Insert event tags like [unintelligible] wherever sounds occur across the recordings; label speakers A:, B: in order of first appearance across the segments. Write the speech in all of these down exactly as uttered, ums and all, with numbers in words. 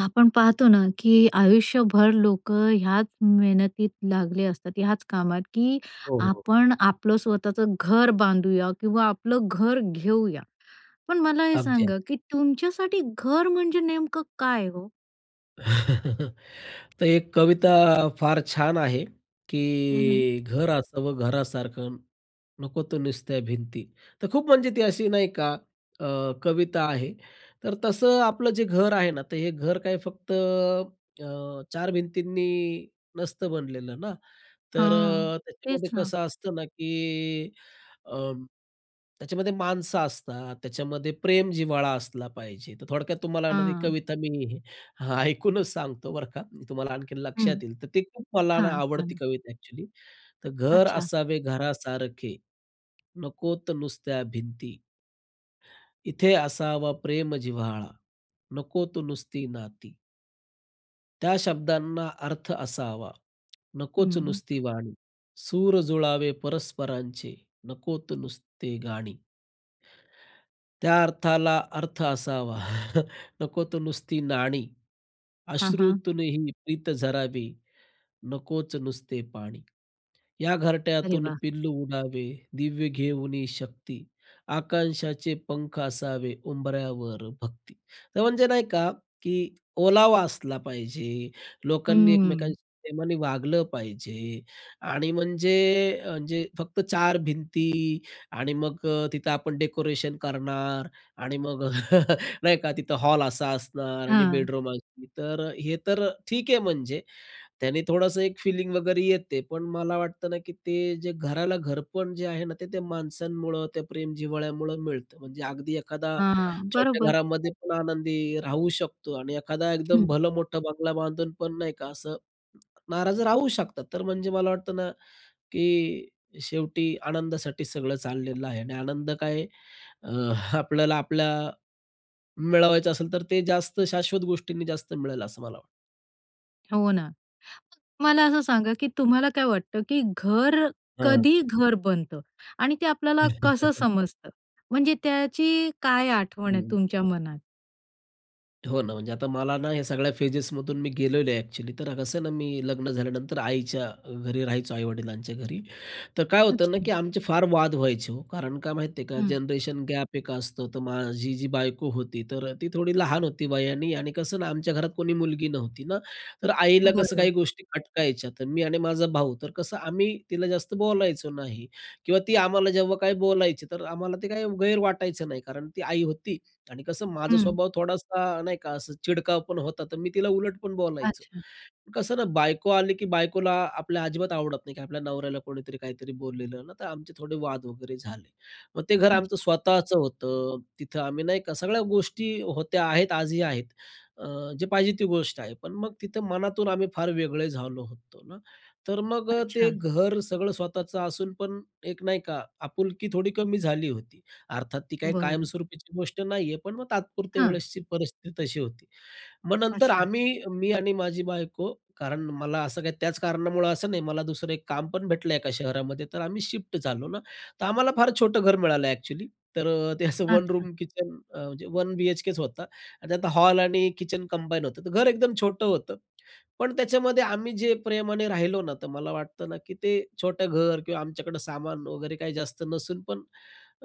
A: आपण पाहतो ना की आयुष्यभर लोकं ह्याच मेहनतीत लागले असतात, ह्याच कामात की
B: हो, हो.
A: आपण आपलं स्वतःचं घर बांधूया किंवा आपलं घर घेऊया, पण मला हे
B: अगदी आहे.
A: सांगा की तुमच्यासाठी घर म्हणजे नेमकं काय हो?
B: [chuckles] तर एक कविता फार छान आहे
A: हं. हं.
B: की "घर असावं घरासारखं, नकोत तर नुसत्या भिंती." तर खूप म्हणजे ती अशी नाही का अ, कविता आहे, तर तसं आपलं जे घर आहे ना, तर हे घर काय फक्त अ, चार भिंतींनी नसतं बनलेलं ना. तर
A: हां,
B: त्याच्यामध्ये
A: तेच ना.
B: कसं असतं ना की अं, त्याच्यामध्ये माणसं असतात, त्याच्यामध्ये प्रेम, जिव्हाळा असला पाहिजे. तर थोडक्यात तुम्हाला ना, ती
A: हां.
B: कविता मी [chuckles] ऐकूनच सांगतो बरं का, मी तुम्हाला आणखीन
A: हं.
B: लक्षात येईल, तर ती खूप मला
A: हां
B: आवडती
A: सांगा.
B: कविता ॲक्चुअली, तर "घर
A: अच्छा.
B: असावे घरासारखे, नकोत तर नुसत्या भिंती. इथे असावा प्रेम जिव्हाळा नकोत नुसती नाती." त्या शब्दांना अर्थ असावा, नकोच
A: हं.
B: नुसती वाणी. सूर जुळावे परस्परांचे, नकोत नुसते गाणी. त्या अर्थाला, अर्थ असावा [chuckles] नकोच नुसती नाणी.
A: हां, हां.
B: अश्रुतूनही प्रीत झरावी, नकोच नुसते पाणी. या
A: अरे,
B: घरट्यातून
A: वाह!
B: पिल्लू उडावे दिव्य घेऊनी शक्ती. आकांक्षाचे पंख असावे उंबऱ्यावर भक्ती. तर म्हणजे नाही का, की ओलावा असला पाहिजे. लोकांनी,
A: हम्म.
B: एकमेकांशी प्रेमाने वागलं पाहिजे आणि म्हणजे अ, जे फक्त चार भिंती आणि मग अ, तिथं आपण डेकोरेशन करणार आणि मग [chuckles] नाही का तिथं हॉल असा असणार आणि
A: हं.
B: बेडरूम [unintelligible] तर अ, हे तर ठीक आहे. म्हणजे त्याने थोडंसं एक फिलिंग वगैरे येते, पण मला वाटतं ना की ते जे घराला घरपण जे आहे ना, ते त्या माणसांमुळं, त्या प्रेम-जिव्हाळ्यामुळं मिळतं. म्हणजे अगदी, एखादा
A: हां,
B: छोट्या
A: बरोबर.
B: घरामध्ये पण आनंदी राहू शकतो आणि एखादा, एकदम
A: हं.
B: भलं मोठा बंगला बांधून पण, नाही का असं नाराज राहू शकतात. तर, म्हणजे मला वाटतं ना, की शेवटी आनंदासाठी सगळं चाललेलं आहे आणि आनंद काय आहे? अ, [chuckles] आपल्याला आपल्या मिळवायचं असेल तर, ते जास्त शाश्वत गोष्टींनी जास्त मिळेल, असं मला
A: हो ना. मला असं सांगा की तुम्हाला काय वाटतं की घर
B: हं.
A: कधी घर बनतं, आणि ते आपल्याला कसं
B: [chuckles]
A: समजत? म्हणजे त्याची काय आठवण आहे
B: हं.
A: तुमच्या मनात?
B: हो ना, म्हणजे आता मला ना ह्या सगळ्या फेजेसमधून मी गेलेलो आहे एक्चुअली, तर कसं आहे ना मी लग्न झाल्यानंतर आईच्या घरी राहायचो, आई-वडिलांच्या घरी. तर काय होतं ना
A: अच्छा.
B: की आमचे फार वाद व्हायचे हो. कारण काय माहिती आहे का
A: हं.
B: जनरेशन गॅप एक असतो, तर माझी जी बायको होती, तर ती थोडी लहान होती वयानी आणि कसं ना, आमच्या घरात कोणी मुलगी नव्हती ना, तर आईला कसं
A: बरं.
B: काही गोष्टी खटकायच्या, तर मी आणि माझा भाऊ तर कसं आम्ही तिला जास्त बोलायचो नाही. किंवा ती आम्हाला जेव्हा काही बोलायची, तर आम्हाला ते काही गैर वाटायचं नाही, कारण ती आई होती आणि कसं माझा
A: हं.
B: स्वभाव थोडासा नाही का असं चिडका पण होता, तर मी तिला उलट पण बोलायचो.
A: अच्छा.
B: कसं ना बायको आली की बायकोला आपल्या अजिबात आवडत नाही की आपल्या नवऱ्याला कोणीतरी काहीतरी बोललेलं ना, तर आमचे थोडे वाद वगैरे झाले. मग ते घर आमचं
A: अच्छा.
B: स्वतःचं होतं, तिथं आम्ही नाही का सगळ्या गोष्टी होत्या आहेत आजही आहेत. अ, जे पाहिजे ती गोष्ट आहे, पण मग तिथं मनातून आम्ही फार वेगळे झालो होतो ना. तर मग ते
A: अच्छा.
B: घर सगळं स्वतःचं असून पण एक नाही का, आपुलकी थोडी कमी झाली होती. अर्थात, ती काही
A: बरं.
B: कायमस्वरूपीची गोष्ट नाही आहे, पण मग तात्पुरत्या
A: हं.
B: वेळेसची परिस्थिती तशी होती. मग नंतर
A: अच्छा.
B: आम्ही, मी आणि माझी बायको, कारण मला असं काही त्याच कारणामुळं असं नाही, मला दुसरं एक काम पण भेटलं एका शहरामध्ये तर आम्ही शिफ्ट झालो ना. तर आम्हाला फार छोटं घर मिळालं एक्चुअली. तर ते असं वन
A: अच्छा.
B: रूम किचन म्हणजे वन बी-एच-केच होता, आणि त्यात हॉल आणि किचन कंबाईन होतं. तर घर एकदम छोटं होतं. पण त्याच्यामध्ये आम्ही जे प्रेमाने राहिलो ना, तर मला वाटतं ना की ते छोटं घर किंवा आमच्याकडं सामान वगैरे काही जास्त नसून पण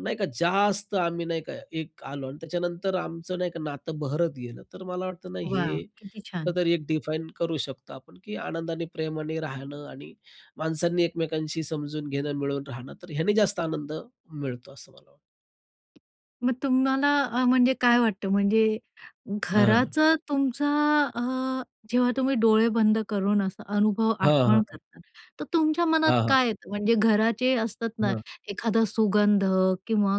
B: नाही का, जास्त आम्ही नाही का एक आलो आणि त्याच्यानंतर आमचं नाही का नातं बहरत गेलं. तर मला वाटतं ना,
A: वाह!
B: हे
A: किती छान!
B: कुठेतरी एक डिफाईन करू शकतो आपण, की आनंदाने प्रेमाने राहणं आणि माणसांनी एकमेकांशी समजून घेणं, मिळून राहणं, तर ह्यांनी जास्त आनंद मिळतो, असं मला वाटतं.
A: मग तुम्हाला अ, म्हणजे काय वाटतं, म्हणजे
B: हं.
A: घराचं तुमचा अ, जेव्हा तुम्ही डोळे बंद करून असं अनुभव
B: हां,
A: आठवण
B: हां.
A: करता, तर तुमच्या मनात
B: हां, हां.
A: काय येतं? म्हणजे घराचे असतात ना
B: हां.
A: एखादा सुगंध किंवा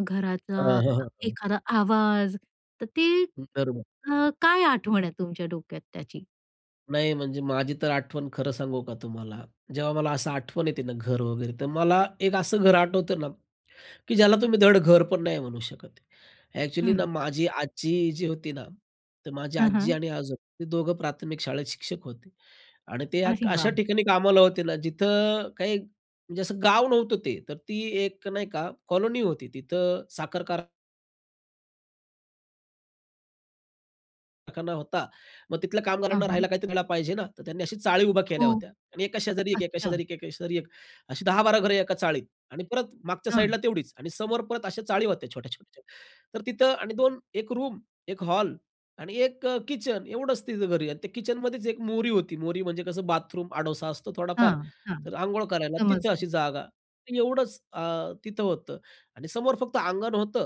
B: अ, हं,
A: घराचा
B: हं, हं.
A: एखादा आवाज, तर ती
B: हं, बरोबर.
A: अ, काय आठवण आहे तुमच्या डोक्यात त्याची?
B: नाही, म्हणजे माझी तर आठवण, खरं सांगू का तुम्हाला, जेव्हा मला असं आठवण येते ना घर वगैरे, तर मला एक असं घर आठवतं ना, की ज्याला तुम्ही धड घर पण नाही म्हणू शकत. एक्चुअली ना,
A: हं.
B: माझी आजी जी होती ना, तर माझी
A: हं,
B: आजी
A: हं.
B: आणि आजोबा ते दोघं प्राथमिक शाळेत शिक्षक होते आणि ते एक
A: अरे
B: अशा
A: वाह!
B: ठिकाणी कामाला होते ना, जिथं काही म्हणजे असं गाव नव्हतं ते, तर ती एक नाही का कॉलोनी होती, तिथं साखरकार कारखाना होता. मग तिथल्या
A: हां,
B: कामगारांना राहायला
A: हां.
B: काहीतरी द्यायला पाहिजे ना, तर त्यांनी अशी चाळी उभ्या केल्या
A: हो,
B: होत्या आणि एका शेजारी एक-एक, एका
A: अच्छा.
B: शेजारी एक-एक, एका शेजारी एक. अशी दहा बारा घरे एका चाळीत आणि परत मागच्या साइड ला
A: हं.
B: तेवढीच आणि समोर परत अशा चाळी होत्या छोट्या-छोट्या. तर तिथं आणि दोन एक रूम, एक हॉल आणि एक अ, किचन एवढंच तिथं घरी आणि त्या किचन मध्येच एक मोरी होती, मोरी म्हणजे कसं बाथरूम, आडोसा असतो थोडाफार.
A: हां, हां.
B: तर अंघोळ करायला तिथं अशी
A: समजलं.
B: जागा एवढंच अ, तिथं होतं आणि समोर फक्त अंगण होतं,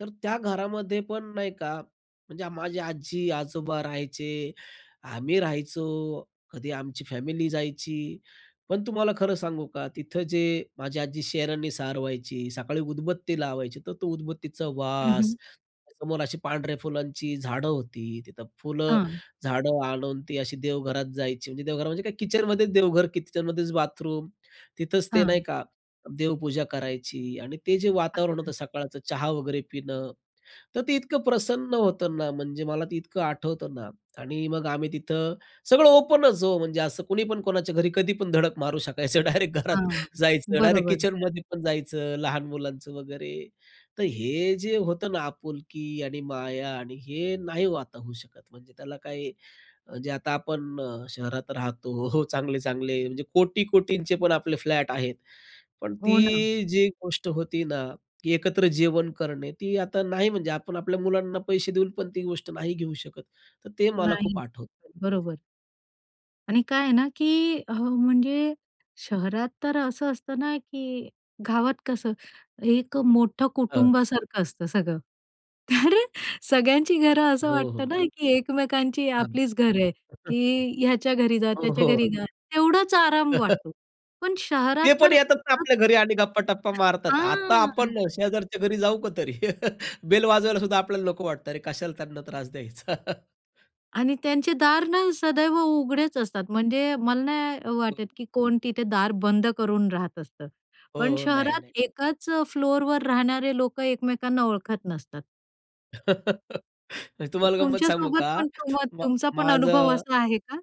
B: तर त्या घरामध्ये पण नाही का, म्हणजे माझे आजी, आजोबा राहायचे. आम्ही राहायचो, कधी आमची फॅमिली जायची, पण तुम्हाला खरं सांगू का, तिथं जे माझी आजी शहरांनी सार व्हायची, सकाळी उदबत्ती लावायची, तर तो उदबत्तीचा
A: हं,
B: वास,
A: हं.
B: त्या समोर अशी पांढऱ्या फुलांची झाडं होती, तिथं फुलं
A: हां.
B: झाडं आणून ती अशी देवघरात जायची, म्हणजे देवघर म्हणजे काय, किचनमध्येच देवघर की किचनमध्येच बाथरूम, तिथंच ते नाही
A: हां.
B: का देवपूजा करायची आणि ते जे वातावरण
A: अच्छा.
B: होतं सकाळचं, चहा वगैरे पिणं, तर ते इतकं प्रसन्न होतं ना, म्हणजे मला ते इतकं आठवतं ना आणि मग आम्ही तिथं सगळं ओपन च हो, म्हणजे असं कुणी पण कोणाच्या घरी कधी पण धडक मारू शकायचं, डायरेक्ट घरात
A: हां,
B: जायचं, डायरेक्ट
A: बरोबर.
B: किचनमध्ये पण जायचं, लहान मुलांचं वगैरे. तर हे जे होतं ना, आपुलकी आणि माया आणि हे नाही हो आता होऊ शकत, म्हणजे त्याला काही जे आता आपण शहरात राहतो हो, हो, चांगले-चांगले म्हणजे कोटी-कोटींचे पण आपले फ्लॅट आहेत, पण
A: हो ना.
B: ती जी गोष्ट होती ना, की एकत्र जेवण करणे, ती आता नाही. म्हणजे आपण आपल्या मुलांना पैसे देऊन पण ती गोष्ट नाही घेऊ शकत, तर ते मला
A: नाही,
B: खूप आठवतं.
A: बरोबर. आणि काय आहे ना की हो, म्हणजे शहरात तर असं असतं ना, की गावात कसं एक मोठं
B: हं.
A: कुटुंबासारखं असतं सगळं, तर सगळ्यांची घरं असं
B: हो,
A: वाटतं ना,
B: हो.
A: की एकमेकांची
B: अगदी.
A: आपलीच घर आहे,
B: [unintelligible]
A: की ह्याच्या घरी जा,
B: हो,
A: त्याच्या
B: हो.
A: घरी जा, तेवढाच आराम
B: [chuckles]
A: वाटतो, पण शहरात
B: ते पण
A: तर
B: येतात ना आपल्या घरी
A: [unintelligible]
B: आणि गप्पा-टप्पा मारतात. आता
A: हां.
B: आपण शेजारच्या घरी जाऊ का तरी? [chuckles] बेल वाजवायला सुद्धा आपल्याला नको वाटतं, अरे कशाला त्यांना त्रास द्यायचा. [chuckles]
A: आणि त्यांचे दार ना सदैव उघडेच असतात, म्हणजे मला नाही वाटत,
B: [unintelligible]
A: की कोण तिथे दार बंद करून राहत असतात.
B: हो,
A: पण
B: हो. नाही, नाही.
A: शहरात एकाच अ, फ्लोअरवर राहणारे लोकं एकमेकांना ओळखत नसतात.
B: [laughs] तुम्हाला गंमत सांगू
A: तुमच्यासोबत
B: का?
A: पण, तुम
B: मा
A: तुमचा पण अनुभव
B: माझं
A: असा आहे का?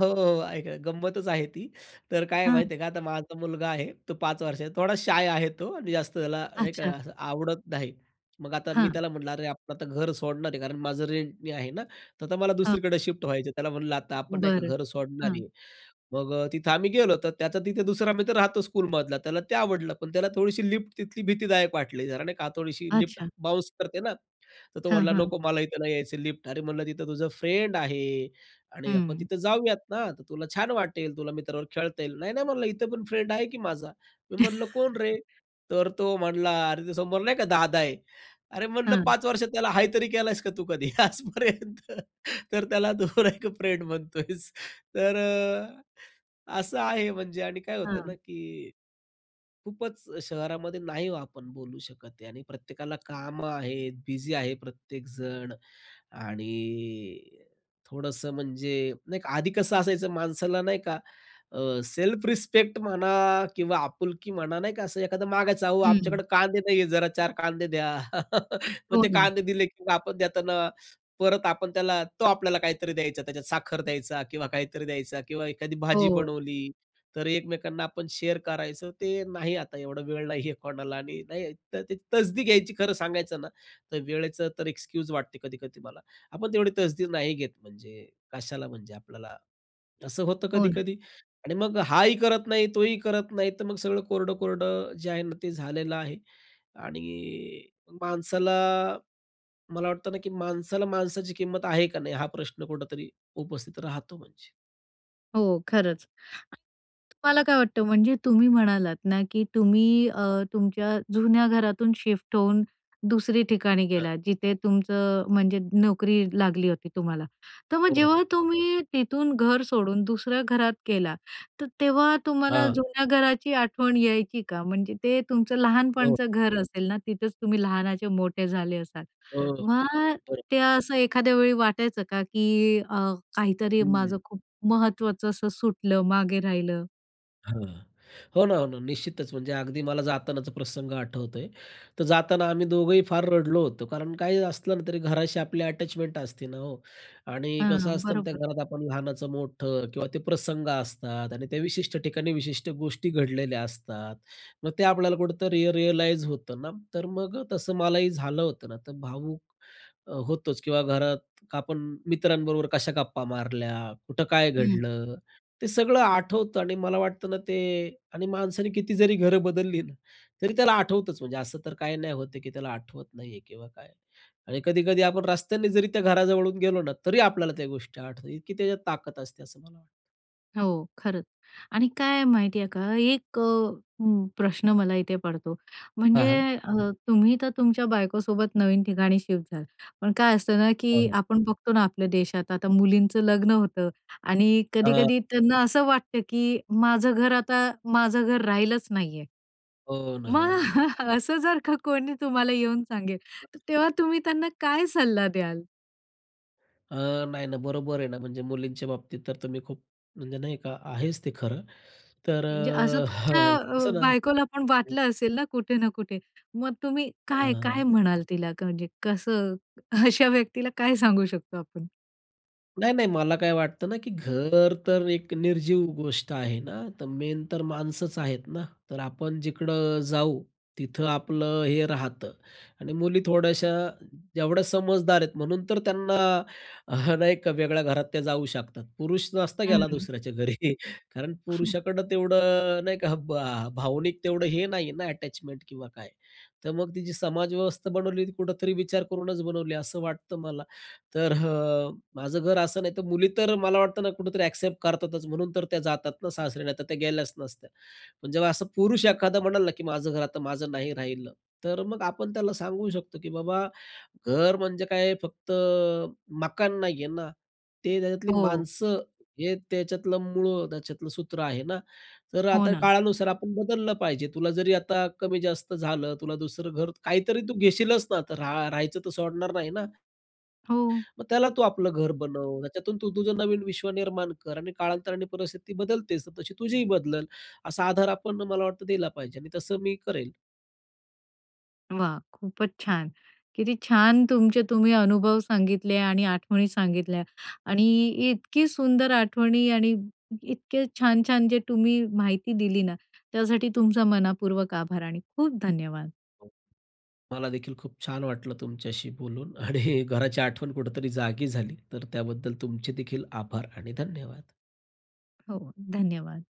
B: हो, हो, ऐक, ऐका. गंमतच आहे ती. तर काय आहे माहिती
A: हां.
B: आहे का. आता माझा मुलगा आहे तो पाच वर्षांचा; थोडा शाय आहे तो आणि जास्त त्याला नाही का,
A: अच्छा.
B: असं आवडत नाही. मग आता मी
A: हां.
B: त्याला म्हटलं, "अरे आपण आता घर सोडणार आहे; कारण माझं रेंटनी आहे ना तर आता मला
A: हा.
B: दुसरीकडे शिफ्ट व्हायचं आहे." त्याला म्हणलं, "आता आपण नाही का
A: बरं.
B: घर सोडणार
A: हं.
B: आहे." मग अ, तिथे आम्ही गेलो, तर त्याचा तिथे दुसरा मित्र राहतो स्कूलमधला. त्याला ते आवडलं. पण त्याला थोडीशी लिफ्ट तिथली भीतीदायक वाटली जरा, नाही का. थोडीशी लिफ्ट
A: अच्छा.
B: बाउन्स करते ना, तर तो
A: हां,
B: म्हणला
A: हा.
B: "नको, मला इथं नाही यायचं, लिफ्ट अरे म्हणलं, "तिथं तुझं फ्रेंड आहे आणि आपण
A: हम्म.
B: तिथं जाऊयात ना, तर तुला छान वाटेल. तुला मित्राबरोबर खेळता येईल." "नाही, नाही," म्हणलं, "इथं पण फ्रेंड आहे की माझा!" मी म्हणलं, "कोण रे?"
A: [laughs]
B: तर तो म्हणला "अरे, ते समोर नाही का दादा आहे!" अरे म्हटलं
A: हं.
B: "पाच वर्ष त्याला 'हाय' तरी केलयंस का, तू कधी आजपर्यंत? तर त्याला तू एक फ्रेंड म्हणतोयस!" तर अ, असं आहे म्हणजे. आणि काय होतं ना,
A: हं.
B: की खूपच शहरामध्ये नाही हो, आपण बोलू शकत आणि प्रत्येकाला कामं आहेत; बिझी आहे प्रत्येकजण. आणि थोडंसं म्हणजे नाही का, आधी कसं असायचं माणसाला नाही का, अ, सेल्फ रिस्पेक्ट म्हणा किंवा आपुलकी म्हणा; नाही का, असं एखादं मागायचं, "अहो, आमच्याकडं
A: हम्म.
B: कांदे नाहीये, जरा चार कांदे द्या." [chuckles] मग
A: हो
B: ते
A: ना.
B: कांदे दिले, की आपण देताना परत आपण त्याला, तो आपल्याला काहीतरी द्यायचा; त्याच्यात साखर द्यायचा किंवा काहीतरी द्यायचा किंवा एखादी भाजी
A: हो.
B: बनवली, तर एकमेकांना आपण शेअर करायचं. ते नाही आता; एवढा वेळ नाही आहे कोणाला. आणि नाही तर ती तसदी घ्यायची. खरं सांगायचं ना, तर वेळेचं तर एक्सक्यूज वाटते कधी-कधी मला. आपण तेवढी तसदी नाही घेत म्हणजे, कशाला म्हणजे आपल्याला? असं होतं
A: हो ना.
B: कधी-कधी. आणि मग हाही करत नाही, तोही करत नाही. तर मग सगळं कोरडं-कोरडं जे आहे ना, ते झालेलं आहे. आणि माणसाला, मला वाटतं ना, की माणसाला माणसाची किंमत आहे का नाही? हा प्रश्न कुठेतरी उपस्थित राहतो म्हणजे.
A: हो, खरंच. तुम्हाला काय वाटतं, म्हणजे तुम्ही म्हणालात ना, की तुम्ही अ,
B: हां.
A: तुमच्या जुन्या घरातून शिफ्ट होऊन दुसरी ठिकाणी
B: हां.
A: गेलात, जिथे तुमचं
B: बरोबर.
A: म्हणजे नोकरी लागली होती तुम्हाला. तर मग
B: हो,
A: जेव्हा
B: हो.
A: तुम्ही तिथून घर सोडून दुसऱ्या घरात गेला, तर तेव्हा तुम्हाला
B: हां.
A: जुन्या घराची आठवण यायची का? म्हणजे ते तुमचं
B: हो.
A: लहानपणाचं घर असेल ना, तिथंच तुम्ही लहानाचे मोठे झाले असाल.
B: हो, हो,
A: मग
B: बरोब
A: ते असं एखाद्या वेळी वाटायचं का, की अ, काहीतरी माझं
B: हम्म.
A: खूप महत्त्वाचं असं सुटलं, मागे राहिलं?
B: हां. हो ना, हो ना, निश्चितच. म्हणजे अगदी मला जातानाचा प्रसंग आठवतोय. तर जाताना आम्ही दोघंही फार रडलो होतो, कारण काहीही असलं ना तरी घराशी आपली अटॅचमेंट असते ना हो? आणि कसं
A: हां,
B: असतं ना, त्या
A: बरोबर.
B: घरात आपण लहानाचं मोठं किंवा ते प्रसंग असतात. आणि त्या विशिष्ट ठिकाणी विशिष्ट गोष्टी घडलेल्या असतात. मग ते आपल्याला कुठेतरी रियलाइज होतं ना. तर मग अ, तसं मलाही झालं होतं ना. तर भावुक अ, होतोच. किंवा घरात आपण मित्रांबरोबर कशा गप्पा मारल्या, कुठं काय
A: हं.
B: घडलं, ते सगळं आठवतं आणि मला वाटतं ना ते आणि माणसाने किती जरी घरं बदलली ना, तरी त्याला आठवतंच. म्हणजे असं तर काही नाही होत आहे, की त्याला आठवत नाही आहे किंवा काय. आणि कधी-कधी आपण रस्त्याने जरी त्या घराजवळून गेलो ना, तरी आपल्याला त्या गोष्टी आठवतात. इतकी त्याच्यात ताकद असते, असं मला वाटतं.
A: हो, खरंच आणि काय आहे, माहिती आहे का? एक अ, प्रश्न मला इथे पडतो,
B: हां,
A: म्हणजे
B: हां.
A: अ, तुम्ही तर, तुमच्या बायकोसोबत नवीन ठिकाणी शिफ्ट झाला, पण काय असतं ना,
B: हं,
A: की
B: हं.
A: आपण बघतो ना, आपल्या देशात आता मुलींचं लग्न होतं आणि
B: हं.
A: कधी-कधी त्यांना असं वाटतं, की माझं घर, आता माझं घर राहिलंच नाही आहे.
B: हो ना,
A: मग
B: हो ना.
A: [chuckles] असं, जर का कोणी तुम्हाला येऊन सांगेल,
B: [unintelligible]
A: तेव्हा तुम्ही त्यांना काय सल्ला द्याल?
B: अ, नाही ना, बरोबर आहे ना, म्हणजे मुलींच्या बाबतीत तर, तर मी खूप म्हणजे नाही का, आहेच ते खरं. तर
A: म्हणजे असं तुमच्या
B: [chuckles]
A: अ,
B: कसं ना
A: बायकोला पण वाटलं असेल ना, कुठे ना कुठे, मग तुम्ही काय, काय
B: हां.
A: म्हणाल तिला? कणजे कसं, अशा व्यक्तीला काय सांगू शकतो आपण?
B: नाही, नाही. मला काय वाटतं ना, की घर तर एक निर्जीव गोष्ट आहे ना. तर मेन तर माणसंच आहेत ना? तर आपण जिकडं जाऊ, तिथं आपलं हे राहतं आणि मुली थोड्याशा, जेवढ्या समजदार आहेत, म्हणून तर त्यांना [chuckles] नाही का, वेगळ्या घरात त्या जाऊ शकतात. पुरुष नसता गेला
A: हं.
B: दुसऱ्याच्या घरी. कारण
A: हं.
B: पुरुषाकडं अ, तेवढं नाही का? भा भावनिक तेवढं हे नाही ना, अटॅचमेंट किंवा काय. तर मग ती जी समाजव्यवस्था बनवली, ती कुठेतरी विचार करूनच बनवली, असं वाटतं मला. तर हा माझं घर असं नाही तर, मुली तर मला वाटतं ना, कुठेतरी एक्सेप्ट करतातच, म्हणून तर त्या जातात ना सासरी, नाही तर त्या गेल्याच नसत्या. पण जेव्हा असं पुरुष एखादा म्हणाला ना, की "माझं घर आता माझं नाही राहिलं," तर मग आपण त्याला, सांगू शकतो, की "बाबा, घर म्हणजे, काय फक्त मकान नाही आहे ना, ते त्याच्यातली
A: हो.
B: माणसं, हे त्याच्यातलं मूळं त्याच्यातलं सूत्र आहे ना? तर
A: हो
B: आता
A: ना.
B: काळानुसार आपण बदललं पाहिजे. तुला जरी, आता कमी जास्त झालं, तुला दुसरं घर, काहीतरी तू घेशीलच ना? आता रा राहायचं तर सोडणार नाही ना?"
A: हो.
B: "मग त्याला तू आपलं घर बनव. त्याच्यातून तू, तुझं नवीन विश्व निर्माण कर आणि काळांतराने परिस्थिती बदलतेच. तर तशी तुझीही बदलंल." असा आधार आपण मला वाटतं, दिला पाहिजे आणि तसं, मी करेल.
A: वा, खूपच छान! किती छान तुमचे, तुम्ही अनुभव सांगितले आणि आठवणी सांगितल्या आणि इतकी सुंदर आठवणी आणि इतके छान-छान जे टुम्ही माहिती दिली ना, त्यासाठी तुमचा मनःपूर्वक आभार आणि खूप धन्यवाद.
B: मला देखील, खूप छान वाटलं तुमच्याशी बोलून आणि घराची आठवण कुठेतरी जागी झाली, तर त्याबद्दल तुमचे देखील आभार आणि धन्यवाद.
A: हो, धन्यवाद.